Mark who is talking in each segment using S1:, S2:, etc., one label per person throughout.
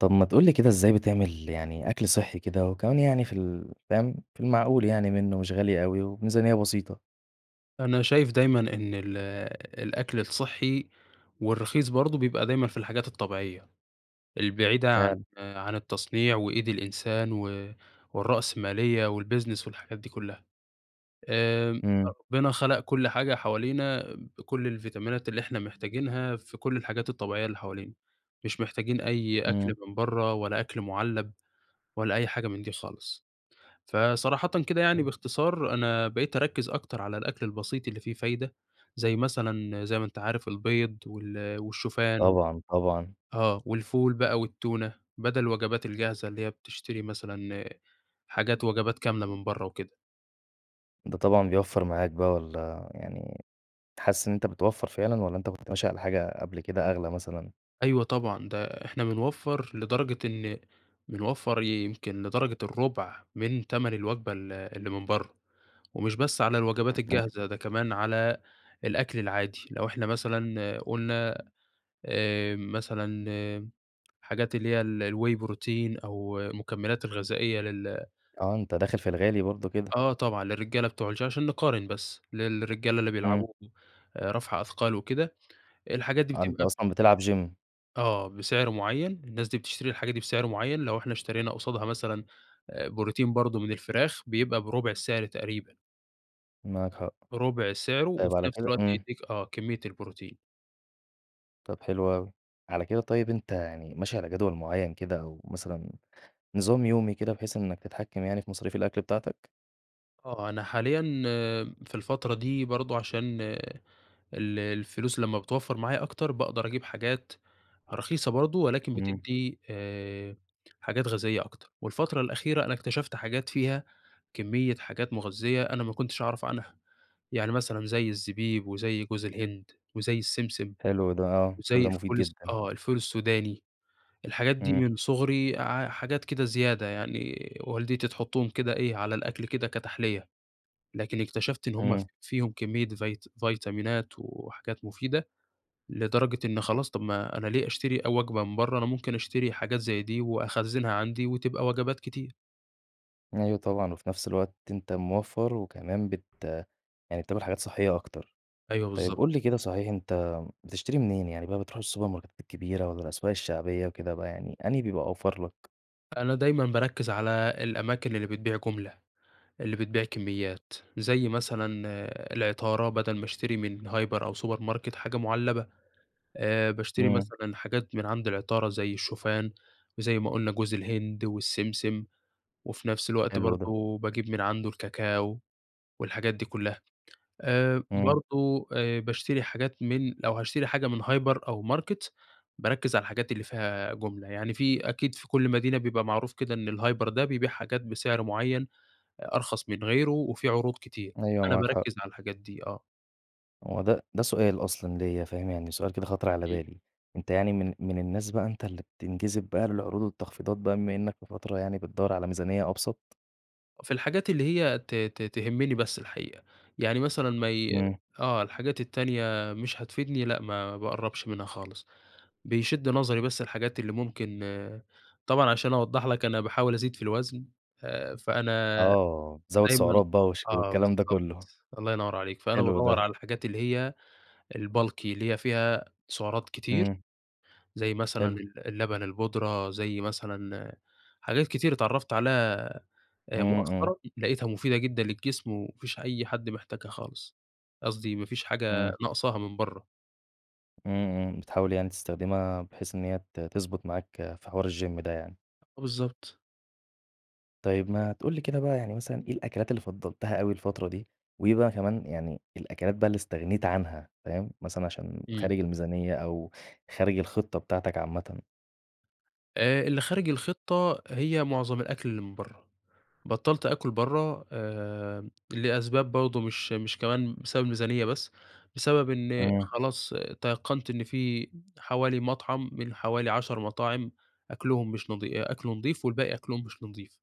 S1: طب ما تقول لي كده إزاي بتعمل يعني أكل صحي كده، وكمان يعني في ال فاهم، في المعقول يعني منه، ومش غالي أوي، وبميزانية بسيطة؟
S2: أنا شايف دايمًا إن ال الأكل الصحي والرخيص برضه بيبقى دايمًا في الحاجات الطبيعية البعيدة عن
S1: فعلًا.
S2: عن التصنيع، وإيد الإنسان، و والرأسمالية، والبيزنس، والحاجات دي كلها. آآ
S1: إمم.
S2: ربنا خَلق كل حاجة حوالينا بكل الفيتامينات اللي إحنا محتاجينها، في كل الحاجات الطبيعية اللي حوالينا. مش محتاجين أي أكل
S1: إمم.
S2: من برّا، ولا أكل مُعلّب، ولا أي حاجة من دي خالص. فصراحةً كده يعني
S1: [unintelligible]
S2: باختصار، أنا بقيت أركّز أكتر على الأكل البسيط اللي فيه فايدة، زي مثلًا زي ما أنتَ عارف البيض، وال والشوفان،
S1: طبعًا طبعًا.
S2: آه، والفول بقى، والتونة، بدل الوجبات الجاهزة اللي هي بتشتري مثلًا حاجات وجبات كاملة من برّا وكده.
S1: ده طبعًا بيوفر معاك بقى، والّا يعني كنت حاسس إن أنتَ بتوفر فعلًا، والّا أنتَ كنت ماشي على حاجة قبل كده أغلى مثلًا؟
S2: أيوه طبعًا، ده إحنا بنوفر لدرجة إن بنوفر يمكن لدرجة الرُبع من تَمن الوجبة ال اللي من برّا. ومش بس على الوجبات
S1: [unintelligible]
S2: الجاهزة، ده كمان على الأكل العادي. لو إحنا مثلًا قلنا آآ مثلًا، حاجات اللي هي ال الواي بروتين أو المكملات الغذائية لل
S1: آه أنتَ داخل في الغالي برضه كده.
S2: آه طبعًا، للرجالة بتوع الش عشان نقارن بس، للرجالة اللي
S1: إمم.
S2: بيلعبوا رفع أثقال وكده، الحاجات دي
S1: آه أنتَ
S2: بتبقى
S1: أصلًا بتلعب GYM.
S2: آه، بسعر معين، الناس دي بتشتري الحاجة دي بسعر معين، لو إحنا اشترينا قصادها مثلًا، آآ، بروتين برضه من الفراخ بيبقى بربع السعر تقريبًا.
S1: معاك حق.
S2: ربع سعره،
S1: طيب
S2: وفي
S1: على
S2: نفس
S1: كده
S2: الوقت
S1: إمم.
S2: يديك آه، كمية البروتين.
S1: طب حلو أوي. على كده طيب أنت يعني ماشي على جدول معين كده أو مثلًا نظام يومي كده، بحيث إنك تتحكم يعني في مصاريف الأكل بتاعتك؟
S2: آه، أنا حاليًا في الفترة دي برضو عشان ال الفلوس لما بتوفر معايا أكتر، باقدر أجيب حاجات رخيصة برضو، ولكن
S1: إمم.
S2: بتدي آآ، حاجات غذائية أكتر. والفترة الأخيرة أنا اكتشفت حاجات فيها كمية حاجات مغذية، أنا ما كنتش أعرف عنها. يعني مثلًا زي الزبيب وزي جوز الهند وزي السمسم،
S1: حلو ده، آه، كل
S2: وزي
S1: ده مفيد
S2: الفول الس
S1: جدًا.
S2: آه، الفول السوداني، الحاجات دي
S1: إمم.
S2: من صغري ع حاجات كده زيادة يعني والدتي تحطهم كده إيه، على الأكل كده كتحلية، لكن اكتشفت إن هم ف
S1: إمم.
S2: فيهم كمية فيت فيتامينات وحاجات مفيدة، لدرجة إن خلاص، طب ما أنا ليه أشتري أ وجبة من برا، أنا ممكن أشتري حاجات زي دي وأخزنها عندي وتبقى وجبات كتير.
S1: أيوه طبعًا، وفي نفس الوقت أنت موفر وكمان بت يعني بتعمل حاجات صحية أكتر،
S2: أيوه،
S1: طيب قول
S2: بالضبط.
S1: لي كده صحيح، أنت بتشتري منين يعني بقى بتروح السوبرماركات الكبيرة والّا الأسواق الشعبية وكده بقى، يعني أنهي بيبقى أوفر لك؟
S2: أنا دايمًا باركز على الأماكن اللي بتبيع جملة، اللي بتبيع كميات، زي مثلًا العطارة، بدل ما أشتري من هايبر أو سوبر ماركت حاجة معلبة آآ، باشتري
S1: إمم.
S2: مثلًا حاجات من عند العطارة زي الشوفان وزي ما قلنا جوز الهند والسمسم، وفي نفس الوقت
S1: حلو ده.
S2: برضو باجيب من عنده الكاكاو والحاجات دي كلها. آآ
S1: امم.
S2: برضو آه، بأشتري حاجات من لو هأشتري حاجة من هايبر أو ماركت باركز على الحاجات اللي فيها جملة، يعني في أكيد في كل مدينة بيبقى معروف كده إن الهايبر ده بيبيع حاجات بسعر معين آآ، أرخص من غيره وفي عروض كتير،
S1: أيوه
S2: أنا
S1: معاك حق.
S2: باركز على الحاجات دي، آه.
S1: هو ده ده سؤال أصلًا ليا، فاهم، يعني سؤال كده خطر على
S2: امم.
S1: بالي، أنت يعني من من الناس بقى أنتَ اللي بتنجذب بقى للعروض والتخفيضات بما إنك في فترة يعني بتدوَّر على ميزانية أبسط؟
S2: في الحاجات اللي هي ت ت تهمني بس الحقيقة، يعني مثلًا ما ي
S1: إمم.
S2: آه الحاجات التانية مش هتفيدني لأ ما باقرّبش منها خالص، بيشد نظري بس الحاجات اللي ممكن، طبعًا عشان أوضّح لك أنا باحاول أزيد في الوزن، آآ فأنا
S1: آه، زوّد
S2: دايمًا
S1: سعرات بقى وش
S2: آه
S1: والكلام ده
S2: بالضبط،
S1: كلّه.
S2: الله ينوّر عليك، فأنا
S1: حلو
S2: بادوّر
S1: ده.
S2: على الحاجات اللي هي الbulky اللي هي فيها سعرات كتير،
S1: إمم.
S2: زي مثلًا
S1: حلو.
S2: ال اللبن البودرة، زي مثلًا حاجات كتير اتعرّفت عليها
S1: إمم،
S2: آآ
S1: إمم.
S2: مؤخرًا، لقيتها مفيدة جدًا للجسم، وما فيش أي حد محتاجها خالص، قصدي ما فيش حاجة
S1: إمم.
S2: ناقصاها من برّه.
S1: إمم، إمم. بتحاول يعني تستخدمها بحيث إن هي ت تضبط معاك في حوار الGym ده يعني.
S2: بالضبط.
S1: طيب ما تقول لي كده بقى يعني مثلًا إيه الأكلات اللي فضّلتها أوي الفترة دي؟ وإيه بقى كمان يعني، الأكلات بقى اللي استغنيت عنها، فاهم؟ مثلًا عشان
S2: إمم.
S1: خارج الميزانية، أو خارج الخطّة بتاعتك عامةً.
S2: آآ، اللي خارج الخطّة، هي معظم الأكل اللي من برّه، بطّلت آكل برّه آآ لأسباب برضه مش مش كمان بسبب الميزانية بس، بسبب إن
S1: إمم.
S2: خلاص تيقّنت إن في حوالي مطعم من حوالي 10 مطاعم أكلهم مش نضي أ أكله نضيف والباقي أكلهم مش نضيف،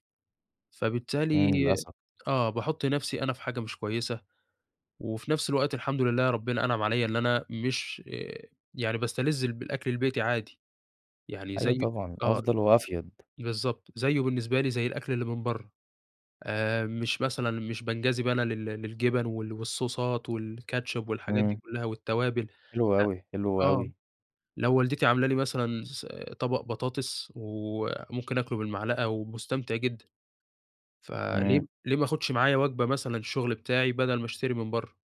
S2: فبالتالي،
S1: إمم، للأسف.
S2: آه باحط نفْسي أنا في حاجة مش كويسة، وفي نفْس الوقت الحمد لله ربنا أنعم عليّا إن أنا مش آآ يعني باستلذ الب الأكل البيتي عادي، يعني
S1: أيوه
S2: زي
S1: طبعًا،
S2: آه،
S1: أفضل وأفيد.
S2: بالضبط، زيه بالنسبة لي زي الأكل اللي من برّه، آآ مش مثلًا مش بانجذب أنا لل للجبن وال والصوصات والكاتشب والحاجات دي
S1: إمم.
S2: كلّها والتوابل،
S1: حلو
S2: لأ،
S1: أوي، حلو
S2: آه.
S1: أوي.
S2: لو والدتي عاملة لي مثلًا س طبق بطاطس وممكن آكله بالمعلقة ومستمتع جدًا، فليه
S1: إمم.
S2: ليه ما آخدش معايا وجبة مثلًا الشغل بتاعي، بدل ما أشتري من برّه؟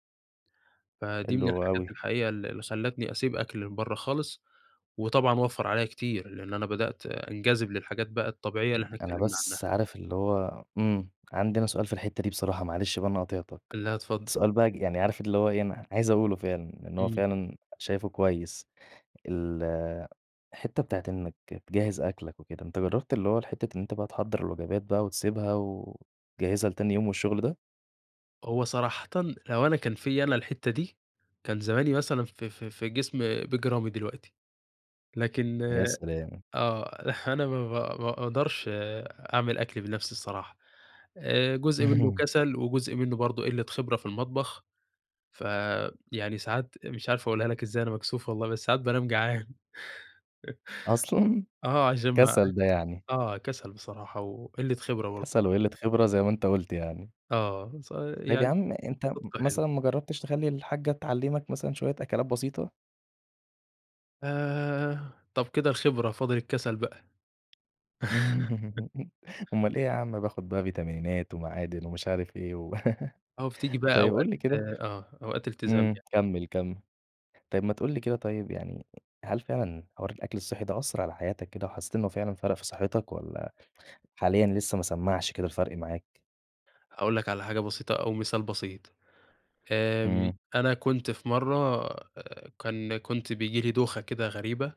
S2: فدي من
S1: حلو
S2: الحاجات
S1: أوي.
S2: الحقيقية اللي اللي خلّتني أسيب أكل من برّه خالص، وطبعًا وفّر عليّا كتير، لإن أنا بدأت أنجذب للحاجات بقى الطبيعية اللي
S1: [unintelligible]
S2: إحنا
S1: أنا
S2: اتكلّمنا عنّها.
S1: بس عارف اللي هو إمم، عندي أنا سؤال في الحتّة دي بصراحة معلش بقى أنا قاطعتك،
S2: لا اتفضّل.
S1: سؤال بقى ج يعني عارف اللي هو إيه أنا عايز أقوله فعلًا، لإن هو
S2: إمم.
S1: فعلًا شايفه كويس، الحتّة بتاعة إنك تجهّز أكلك وكده، أنت جرّبت اللي هو الحتّة إن أنت بقى تحضّر الوجبات بقى وتسيبها، وتجهّزها لتاني يوم والشغل ده؟
S2: هو صراحةً لو أنا كان فيّا أنا الحِتّة دي، كان زماني مثلًا في في في جسم بيج رامي دلوقتي، لكن
S1: يا سلام!
S2: آه، أنا ما با ما أقدَرش أعمِل أكْلي بنفْسي الصراحة، آآ، جُزء مِنُّه كسَل وجزء مِنُّه برضه قِلّة خبرة في المطبخ، ف يعني ساعات، مش عارف أقولها لك إزاي، أنا مكسوف والله بس ساعات بانام جعان.
S1: أصلًا؟!
S2: آه، عشان ما
S1: كسل ده يعني.
S2: آه، كسَل بصراحة وقِلّة خبرة برضه.
S1: كسَل وقِلّة خبرة زي ما أنت قُلت يعني.
S2: آ، ه ص
S1: طيب يا
S2: يعني ال
S1: عم أنت م
S2: الصِّدق حلو.
S1: مثلًا ما جرّبتش تخلّي الحاجّة تعلّمك مثلًا شوية أكلات بسيطة؟
S2: آآ، طَب كده الخبرة فاضل الكسل بقى.
S1: أومال إيه ياعم، باخد بقى فيتامينات ومعادن ومش عارف إيه و
S2: آه وبتيجي بقى
S1: طيب
S2: أوقات
S1: قُل لي كده
S2: آه، أوقات إلتزام
S1: امم،
S2: يعني.
S1: كمّل، كمّل. طيب، ما تقول لي كده طيب يعني هل فعلًا حوار الأكْل الصحي ده أثّر على حياتك كده وحسّيت إنه فعلًا فرَق في صحّتك والّا حاليًا لسه ما سمّعش كده الفرْق معاك؟
S2: هاقول لك على حاجة بسيطة أو مثال بسيط، آمم،
S1: امم.
S2: أنا كنت في مرَّة آآ كان كنت بييجي لي دوخة كده غريبة،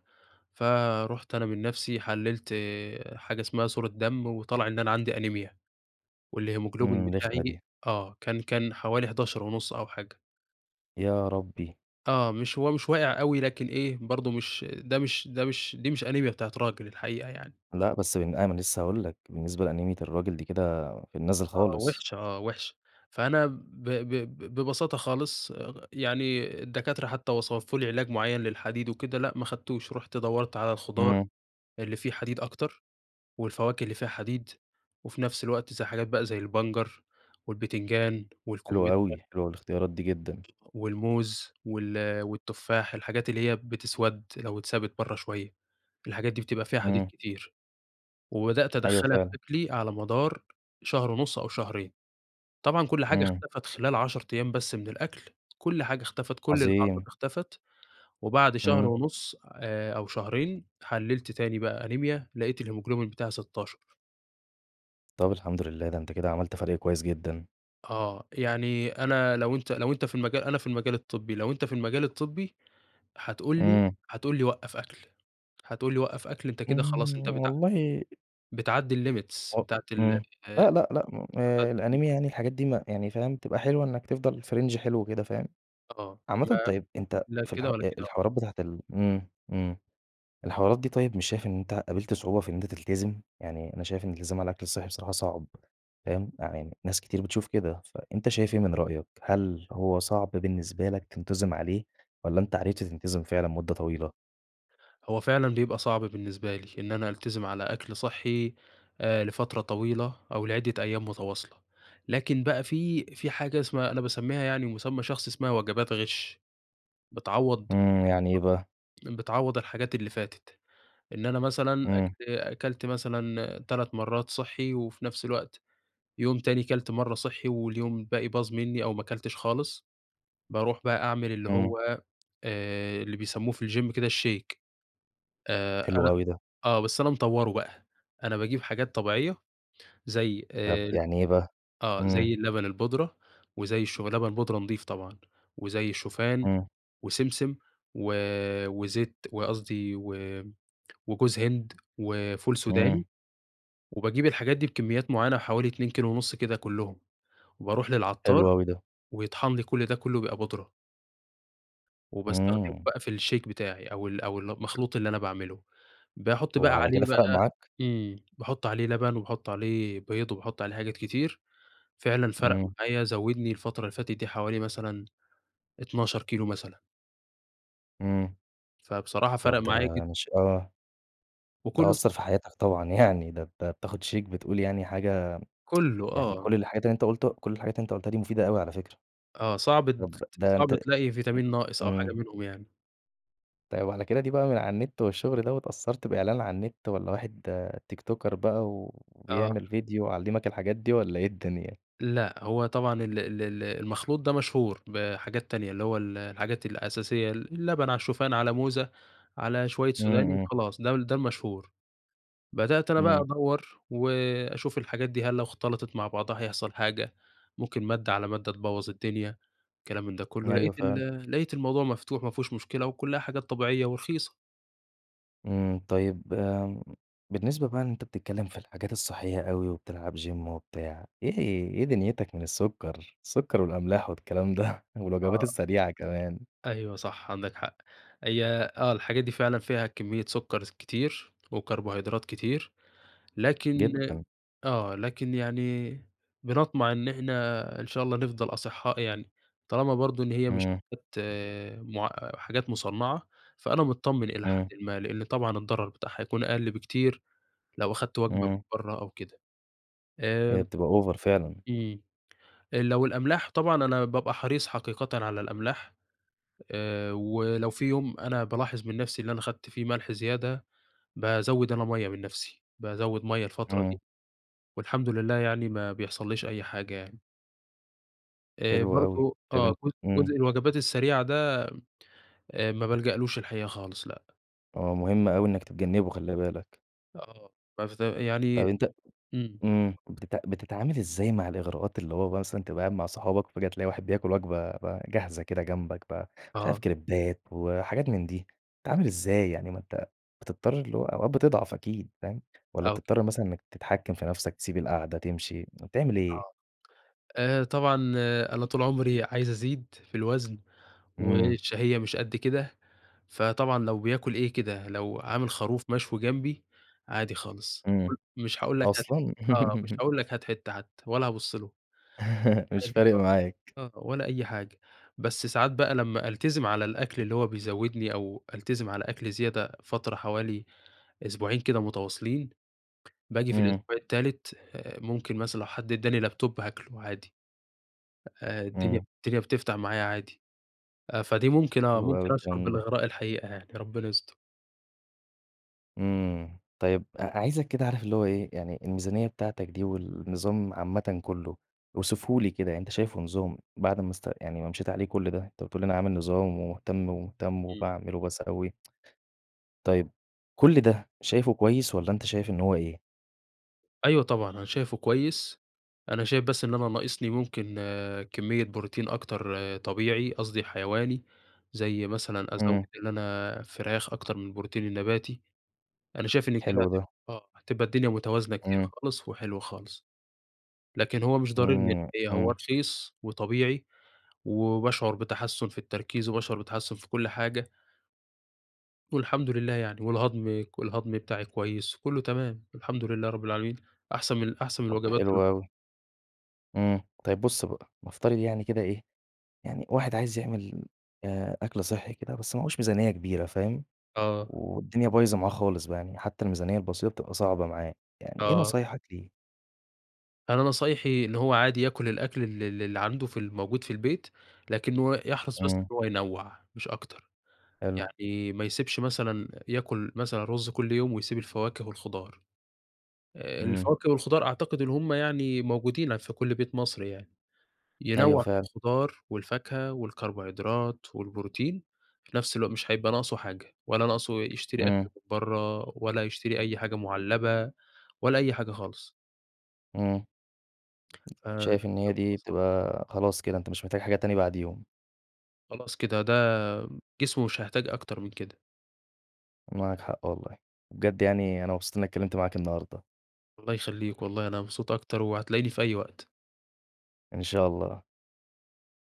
S2: فرُحت أنا من نفْسي حلِّلت حاجة إسمها صورة دم وطلَع إن أنا عندي أنيميا، والهيموجلوبين
S1: امم، رِخمة
S2: بتاعي
S1: دي.
S2: آه، كان كان حوالي 11.5 أو حاجة.
S1: يا ربّي.
S2: آه. مش هو مش واقع أوي لكن إيه، برضه مش ده مش ده مش دي مش أنيميا بتاعة راجل الحقيقة يعني.
S1: لأ بس من أ ما أنا لسّه هاقول لك، بالنسبة لأنيميا الراجل دي كده في النازِل
S2: آه
S1: خالص.
S2: وِحشة آه وِحشة. فأنا ب ب ب ببساطة خالص اغ يعني الدكاترة حتّى وصفوا لي علاج معيّن للحديد وكده لأ ما أخدتوش. رُحت دوّرت على الخضار
S1: إمم.
S2: اللي فيه حديد أكتر والفواكه اللي فيها حديد، وفي نفس الوقت زي حاجات بقى زي البنجر والبتنجان
S1: حلو
S2: والكُمِّترى.
S1: أوي، حلوة الاختيارات دي جدًا.
S2: والموز وال والتفاح الحاجات اللي هي بتِِسوَد لو اتسابت برّه، شوية الحاجات دي بتبقى فيها حديد
S1: إمم.
S2: كتير. وبدأت
S1: أيوه
S2: أدخّلها في
S1: فعلًا.
S2: أكلي على مدار شهر ونُص أو شهرين. طبعًا كل حاجة
S1: إمم.
S2: اختَفَت خلال 10 أيام بس من الأكل، كل حاجة اختَفَت، كل الأعراض
S1: عظيم.
S2: اختَفَت. وبعد شهر
S1: إمم.
S2: ونُص آآ أو شهرين، حلِّلت تاني بقى أنيميا لقيت الهيموجلوبين بتاعي 16.
S1: طب الحمد لله ده أنت كده عملت فَرْق كويس جدًا.
S2: آه. يعني أنا لو أنت لو أنت في المجا أنا في المجال الطبِّي، لو أنت في المجال الطبِّي هتقول لي
S1: إمم.
S2: هتقول لي وقَّف أكل، هتقول لي وقّف أكل أنت كده خلاص
S1: إمم
S2: أنت بتع
S1: والله
S2: بتعدّي الlimits
S1: و
S2: بتاعة ال
S1: إمم.
S2: أ
S1: لأ، لأ، لأ. م آآ الأنيميا
S2: [unintelligible]
S1: يعني الحاجات دي م يعني فاهم تبقى حلوة إنّك تفضل في رينج حلو كده فاهم؟
S2: أ آه.
S1: عامةً
S2: ما
S1: طيب أنت
S2: لا
S1: في
S2: كده
S1: الح
S2: ولا كده آه.
S1: الحوارات بتاعة ال إمم، إمم. الحوارات دي طيب مش شايف إن أنت قابلت صعوبة في إن أنت تلتزم؟ يعني أنا شايف إن الالتزام على الأكل الصحي بصراحة صعب فاهم؟ يعني ناس كتير بتشوف كده، فأنت شايف إيه من رأيك هل هو صعب بالنسبة لك تنتظم عليه والّا أنت عرفت تنتظم فعلًا مدة طويلة؟
S2: هو فعلًا بيبقى صعب بالنسبة لي، إن أنا ألتزم على أكل صحّي آآ لفترة طويلة، أو لعدّة أيام متواصلة، لكن بقى في في حاجة اسمها أنا باسميها يعني مسمى شخصي اسمها وجبات غش، بتعوض
S1: إمم، يعني إيه بقى؟
S2: بتعوض الحاجات اللي فاتت، إن أنا مثلًا
S1: إمم.
S2: أك أكلت مثلًا 3 مرّات صحّي وفي نفْس الوقت، يوم تاني كلت مَرّة صحي واليوم الباقي باظ مني أو ما كلتش خالص، باروح بقى أعمل اللي
S1: إمم.
S2: هو آآ اللي بيسموه في الGym كده الShake، آآ
S1: حلو
S2: أنا
S1: أوي ده.
S2: آه، بس أنا مطوّره بقى، أنا باجيب حاجات طبيعية زي
S1: طب
S2: آآ،
S1: يعني إيه بقى؟
S2: آه زي
S1: إمم.
S2: اللبن البودرة، وزي الش لبن بودرة نضيف طبعًا، وزي الشوفان،
S1: إمم.
S2: وسمسم، و وزيت وقصدي و وجوز هند، وفول سوداني،
S1: إمم.
S2: وباجيب الحاجات دي بكميات معيّنة حوالي 2.5 كده كلّهم وباروح للعطّار،
S1: حلو أوي ده.
S2: ويطحن لي كلّ ده كلّه بيبقى بودرة. وباستخدمه
S1: إمم.
S2: بقى في الShake بتاعي، أو ال أو المخلوط اللي أنا باعمله، باحط بقى
S1: وعلى كده
S2: عليه
S1: فرَق
S2: بقى
S1: معاك؟
S2: امم، باحط عليه لبن وباحط عليه بيض وباحط عليه حاجات كتير، فعلًا فرَق
S1: إمم.
S2: معايا زوّدني الفترة اللي فاتت دي حوالي مثلًا، 12 مثلًا.
S1: امم.
S2: فبصراحة فرق
S1: طيب ده
S2: معايا جد
S1: شئ آه. ده
S2: وكله
S1: أثر في حياتك طبعًا يعني، ده أنت بتاخد شايك بتقول يعني حاجة
S2: كله،
S1: يعني
S2: آه.
S1: كل الحاجات اللي أنت قُلته كل الحاجات اللي أنت قلتها دي مفيدة أوي على فكرة.
S2: آه صعب
S1: طب
S2: ت
S1: ده
S2: صعب
S1: أنت
S2: تلاقي
S1: [unintelligible]
S2: ڤيتامين ناقص أو حاجة
S1: امم.
S2: منهم يعني.
S1: طيب على كده دي بقى من على النت والشغل ده واتأثرت بإعلان عن النت، والّا واحد تيك توكر بقى
S2: آه.
S1: وبيعمل ڤيديو علمك الحاجات دي؟ والّا إيه الدنيا؟
S2: لأ، هو طبعًا ال ال ال المخلوط ده مشهور بحاجات تانية، اللي هو ال الحاجات الأساسية، اللبن على الشوفان على موزة على شويّة
S1: امم.
S2: سوداني
S1: امم.
S2: وخلاص ده ده المشهور. بدأت أنا بقى
S1: امم.
S2: أدور وأشوف الحاجات دي هل لو اختلطت مع بعضها هيحصل حاجة، ممكن مادة على مادة تبوظ الدنيا الكلام من ده كلّه. لقيت
S1: أيوه، فعلًا.
S2: ال لقيت الموضوع مفتوح ما فيهوش مشكلة، وكلّها حاجات طبيعيّة ورخيصة.
S1: امم. طيّب آمم، بالنسبة بقى أنت بتتكلّم في الحاجات الصحية أوي وبتلعب gym وبتاع إيه ه إيه دنيتك من السكر؟ السكر والأملاح والكلام ده والوجبات
S2: آه.
S1: السريعة كمان؟
S2: أيوه صح عندك حق. هي آه، الحاجات دي فعلًا فيها كميّة سكر كتير وكربوهيدرات كتير، لكن
S1: جدًا.
S2: آه، لكن يعني بنطمع إن إحنا إن شاء الله نفضل أصحاء يعني، طالما برضو إن هي مش
S1: امم.
S2: حاجات مع حاجات مصنعة فأنا متطمن إلى
S1: امم.
S2: حدٍ ما، لأنّ طبعًا الضرر بتاعها يكون أقل بكتير لو أخدت وجبة
S1: امم.
S2: برّه أو كده.
S1: هي
S2: آمم
S1: بتبقى أوڤر فعلًا.
S2: امم. لو الأملاح طبعًا أنا بابقى حريص حقيقةً على الأملاح. آآ، ولو في يوم أنا بالاحظ من نفسي اللي أنا أخدت فيه ملح زيادة، بازود أنا مَيَّة من نفسي، بازود مَيَّة الفترة
S1: امم.
S2: دي. والحمد لله يعني ما بيحصليش أي حاجة يعني. آآ
S1: حلو أوي،
S2: برضه
S1: طيب
S2: آه،
S1: أن
S2: ج جزء
S1: امم.
S2: الوجبات السريعة ده، آآ ما بالجألوش الحقيقة خالص لأ.
S1: آه، مهم أوي إنك تتجنّبه خلِّ بالك.
S2: آه [unintelligible]
S1: طيب
S2: يعني
S1: أنت
S2: إمم.
S1: امم، بتتع بتتعامل إزاي مع الإغراءات اللي هو بقى مثلًا تبقى قاعد مع صحابك، وفجأة تلاقي واحد بياكل وجبة بقى جاهزة كده جنبك بقى، مش عارف
S2: آه.
S1: كريبات وحاجات من دي، بتتعامل إزاي يعني ما أنت بتضطر اللي هو أوقات بتضعف أكيد، فاهم؟ والّا
S2: أو ك
S1: بتضطر مثلًا إنك تتحكم في نفْسك تسيب القعدة تمشي، تعمل إيه؟
S2: آه. آآ طبعًا أنا طول عمري عايز أزيد في الوزن،
S1: إمم.
S2: والشهية مش قد كده، فطبعًا لو بياكل إيه كده، لو عامل خروف مشوي جنبي، عادي خالص،
S1: إمم،
S2: [unintelligible] مش هاقول لك هات ح
S1: أصلًا!
S2: آه، مش هاقول لك هات حتّة حتّى ولا هابص له.
S1: مش
S2: عادي
S1: فارق
S2: خالص،
S1: معاك.
S2: آه ولا أي حاجة، بس ساعات بقى لمّا ألتزم على الأكل اللي هو بيزوّدني، أو ألتزم على أكل زيادة فترة حوالي أسبوعين كده متواصلين، باجي في
S1: إمم.
S2: الأسبوع التالت آآ ممكن مثلًا لو حد إداني لاب توب هاكله عادي، آآ الدنيا
S1: إمم.
S2: الدنيا بتفتح معايا عادي، فدي ممكن آه،
S1: حلو أوي
S2: ممكن أشعر
S1: الكلام ده.
S2: بالإغراء الحقيقة يعني، ربنا يستر.
S1: إمم. طيب أ عايزك كده عارف اللي هو إيه، يعني الميزانية بتاعتك دي والنظام عامةً كُلّه، اوصفه لي كده، أنت شايفه نظام بعد ما است يعني ما مشيت عليه كل ده، أنت بتقول أنا عامل نظام ومُهتم، ومُهتم
S2: إمم.
S1: وباعمل وباسوِّي. طيب، كل ده شايفه كويس والّا أنت شايف إن هو إيه؟
S2: أيوه طبعًا، أنا شايفه كويس، أنا شايف بس إن أنا ناقصني ممكن كمّية بروتين أكتر طبيعي، قصدي حيواني، زي مثلًا
S1: إمم.
S2: أزوّد إن أنا فراخ أكتر من البروتين النباتي، أنا شايف إن كده
S1: حلو
S2: هتب
S1: ده.
S2: آه، هتبقى الدنيا متوازنة كتير
S1: إمم.
S2: خالص وحلوة خالص. لكن هو مش ضروري [unintelligible]
S1: إمم،
S2: هو
S1: إمم.
S2: رخيص وطبيعي، وباشعُر بتحسُّن في التركيز وباشعُر بتحسُّن في كل حاجة. والحمد لله يعني، والهضم ك والهضم بتاعي كويس وكُلّه تمام الحمد لله رب العالمين، أحسن من أحسن من
S1: طب
S2: الوجبات
S1: حلو
S2: ال
S1: أوي. إمم، طيب بُص بقى، نفترض يعني كده إيه، يعني واحد عايز يعمل آآ، أكل صحِّي كده بس معاهوش ميزانية كبيرة فاهم؟
S2: آه.
S1: والدنيا بايظة معاه خالص بقى يعني حتّى الميزانية البسيطة بتبقى صعبة معاه. يعني إيه
S2: آه.
S1: نصايحك ليه؟
S2: أنا نصايحي إن هو عادي ياكُل الأكل ال ال اللي عنده في ال الموجود في البيت، لكنّه يحرَص بس
S1: إمم.
S2: إن هو ينَّوع مش أكتر،
S1: حلو.
S2: يعني ما يسيبش مثلًا ياكُل مثلًا رُز كل يوم ويسيب الفواكه والخضار، آآ،
S1: إمم.
S2: الفواكه والخضار أعتقد إن هم يعني موجودين في كل بيت مصري يعني،
S1: أيوه
S2: ينَّوع في
S1: فعلًا.
S2: الخضار والفاكهة والكربوهيدرات والبروتين، في نفس الوق مش هيبقى ناقصه حاجة ولا ناقصه يشتري أكل
S1: إمم.
S2: من برّه ولا يشتري أي حاجة مُعلّبة ولا أي حاجة خالص.
S1: إمم.
S2: أ بجد
S1: شايف إن هي دي
S2: مصلحة.
S1: بتبقى خلاص كده، أنت مش محتاج حاجة تانية بعديهم.
S2: خلاص كده، ده جسمه مش هيحتاج أكتر من كده.
S1: معاك حق والله، بجد يعني أنا مبسوط أن أنا اتكلّمت معاك النهاردة.
S2: الله يخلّيك، والله أنا مبسوط أكتر وهتلاقيني في أي وقت.
S1: إن شاء الله.